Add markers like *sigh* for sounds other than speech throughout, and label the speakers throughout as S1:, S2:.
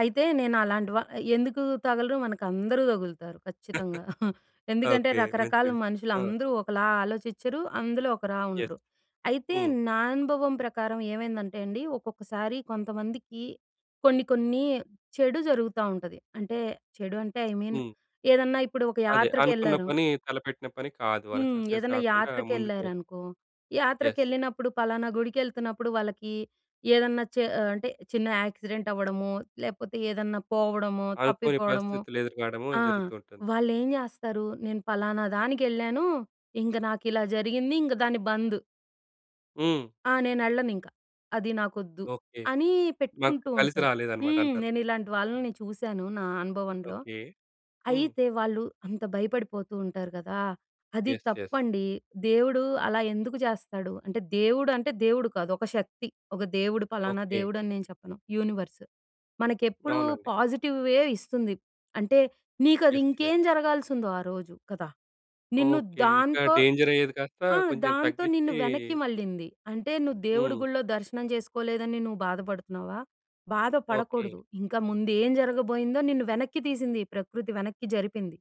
S1: అయితే నేను అలాంటి వ ఎందుకు తగలరు మనకందరూ దగులుతారు ఖచ్చితంగా. *chuckles*
S2: *chuckles*
S1: ఎందుకంటే,
S2: ఓకే. మంచి
S1: రకరకాల
S2: విషయం. ఆ!
S1: మనుషులందరూ ఒకలా ఆలోచించరు, అందులో ఒకలా
S2: యెస్.
S1: ఉండరు. అయితే
S2: హ్మ్.
S1: నా అనుభవం ప్రకారం ఏమైందంటే అండి. ఒక్కొక్కసారి కొంతమందికి కొన్ని, కొన్ని చెడు జరుగుతా ఉంటది. అంటే చెడు అంటే ఐ మీన్
S2: హ్మ్.
S1: ఏదన్నా ఇప్పుడొక
S2: అదే. అనుకున్న
S1: యాత్రకెళ్లరు.
S2: పని తలపెట్టిన పని కాదు. వాళ్ళకి
S1: హ్మ్.
S2: సక్సెస్
S1: ఏదన్నా
S2: గాకుండా ముందుకు
S1: యాత్రకెళ్లారనుకో,
S2: యెస్.
S1: యాత్రకెళ్ళినప్పుడు ఫలానా గుడికెళ్తున్నప్పుడు వాళ్ళకి ఏదన్నా చ ఆహ్, అంటే చిన్న యాక్సిడెంట్ అవ్వడము, లేపోతే ఏదన్నా పోవడము,
S2: అనుకోని
S1: తప్పిపోవడము
S2: పరిస్థితులెదురుకాడము
S1: ఆ!
S2: జరుగుతూంటుంది.
S1: వాళ్ళెం జెస్తారు, నేను ఫలానా దానికెళ్ళాను. ఇంక నాకిలా జరిగింది. ఇంగ దాని బందు.
S2: హ్మ్.
S1: ఆ! నేనెళ్ళనింకా. అది నాకొద్దు.
S2: ఓకే.
S1: అని
S2: మాకు
S1: పెట్టుకుంటూ
S2: కలిసి
S1: ఉంటారు.
S2: రాలేదు అన్నమాట
S1: హ్మ్.
S2: అంటారు.
S1: నేనిలాంటి వాళ్ళని చూసాను. నా అనుభవంలో.
S2: ఓకే. హ్మ్.
S1: అయితే వాళ్ళు అంత భయపడిపోతూంటారు గదా! అది
S2: యెస్. యెస్.
S1: తప్పండి. దేవుడు అలా ఎందుకు జెస్తాడు, అంటే దేవుడు అంటే దేవుడు కాదు ఒక శక్తి. ఒక దేవుడు పలానా
S2: ఓకే.
S1: దేవుడని నేను చెప్పను యూనివర్స్. మనకెప్పుడు
S2: అవునండి.
S1: పాజిటివ్ వే ఇస్తుంది. అంటే నీకది
S2: యెస్. యె
S1: ఇంకేం జరగాల్సుందో ఆ రోజు కదా! నిన్ను
S2: ఓకే. ఇంకా
S1: దాంతో
S2: డేంజర్ అయ్యేది కాస్త
S1: ఆ!
S2: కొంచెం
S1: దాంతో నిన్ను
S2: తగ్గిచ్చి
S1: వెనక్కి మళ్లింది. అంటే నువ్వు దేవుడి
S2: హ్మ్.
S1: గుడిలో దర్శనం జెసుకోలేదని నువ్వు బాధపడుతున్నావా, బాధ
S2: ఓకే.
S1: పడకూడదు. ఇంకా ముందు ఏం జరగబోయిందో నిన్ను వెనక్కి తీసింది ఈ ప్రకృతి. వెనక్కి జరిపింది.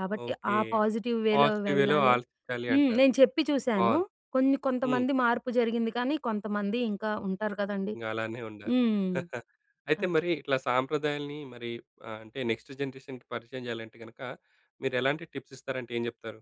S1: కాబట్టి ఆ
S2: ఓకే.
S1: పాజిటివ్ వేలో
S2: పాజిటివ్‌వేలో
S1: వెళ్ళాలి.
S2: ఆలోచించాలి
S1: హ్మ్.
S2: అంటారు.
S1: నేచెప్పి చూసాను,
S2: బావుంది.
S1: కొన్ని,
S2: హ్మ్.
S1: కొంతమంది మార్పు జరిగింది కానీ, కొంతమంది ఇంక ఉంటారు కదండీ.
S2: ఇంగ అలానే ఉన్నారు.
S1: హ్మ్.
S2: *chuckles* అయితే
S1: ఆ!
S2: మరి ఇట్లా సాంప్రదాయాల్ని మరి ఆహ్, అంటే నెక్స్ట్ జనరేషన్‌కీ పరిచయం జెయాలంటే గనక, మీరు ఎలాంటి టిప్స్ ఇస్తారంటే ఏం జెప్తారు?